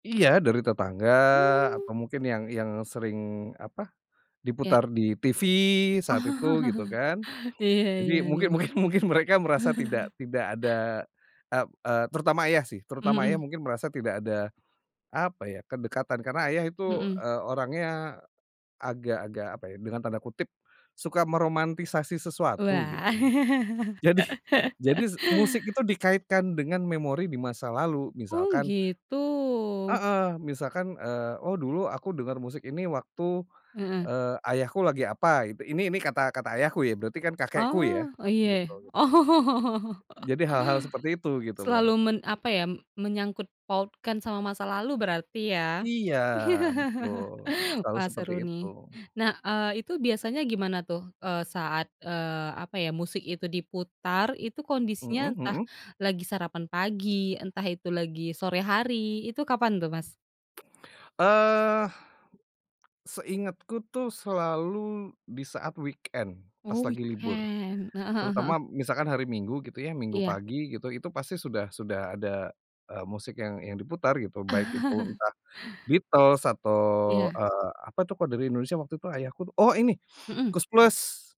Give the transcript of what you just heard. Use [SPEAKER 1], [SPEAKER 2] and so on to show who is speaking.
[SPEAKER 1] Iya, dari tetangga
[SPEAKER 2] Hmm.
[SPEAKER 1] atau mungkin yang yang sering, apa,
[SPEAKER 2] Iya.
[SPEAKER 1] diputar di TV saat itu, gitu kan.
[SPEAKER 2] Iya
[SPEAKER 1] Jadi
[SPEAKER 2] iya iya.
[SPEAKER 1] mungkin mungkin mungkin mereka merasa tidak tidak ada ep eee, terutama ayah sih. Terutama ayah
[SPEAKER 2] Mhm.
[SPEAKER 1] mungkin merasa tidak ada, apa ya, kedekatan karena ayah itu,
[SPEAKER 2] Mhm.
[SPEAKER 1] eee, orangnya agak-agak, apa ya, dengan tanda kutip, "suka meromantisasi sesuatu gitu."
[SPEAKER 2] Wah.
[SPEAKER 1] Jadi jadi s musik itu dikaitkan dengan memori di masa lalu,
[SPEAKER 2] Oh,
[SPEAKER 1] misalkan
[SPEAKER 2] gitu.
[SPEAKER 1] heeh, misalkan, eee, "Oh, dulu aku dengar musik ini waktu,
[SPEAKER 2] Heeh.
[SPEAKER 1] eee, ayahku lagi apa gitu." Ini ini, kata kata ayahku ya, berarti kan kakekku ya,
[SPEAKER 2] Oh oh, iya, ya?
[SPEAKER 1] gitu gitu loh.
[SPEAKER 2] Oh.
[SPEAKER 1] Jadi hal-hal seperti itu gitu loh.
[SPEAKER 2] Selalu men apa ya, mmm, menyangkutpautkan sama masa lalu berarti ya?
[SPEAKER 1] Iya, betul, selalu
[SPEAKER 2] Wah,
[SPEAKER 1] seperti
[SPEAKER 2] seru
[SPEAKER 1] itu.
[SPEAKER 2] nih. Nah, eee, itu biasanya gimana tuh, eee, saat, eee, apa ya, musik itu diputar itu kondisinya
[SPEAKER 1] Mhm
[SPEAKER 2] entah
[SPEAKER 1] mhm.
[SPEAKER 2] lagi sarapan pagi, entah itu lagi sore hari, itu kapan tuh Mas?
[SPEAKER 1] Eee, seingatku tuh selalu di saat weekend pas
[SPEAKER 2] Oh,
[SPEAKER 1] lagi libur,
[SPEAKER 2] weekend, heeh heeh
[SPEAKER 1] terutama
[SPEAKER 2] heeh.
[SPEAKER 1] misalkan hari Minggu gitu ya Minggu
[SPEAKER 2] Iya.
[SPEAKER 1] pagi gitu, itu pasti sudah sudah ada, eee, musik yang yang diputar gitu. Baik itu entah The Beatles atau,
[SPEAKER 2] Iya.
[SPEAKER 1] eee, apa itu kalau dari Indonesia waktu tuh ayahku tuh oh, ini,
[SPEAKER 2] Mhm.
[SPEAKER 1] Koes Plus.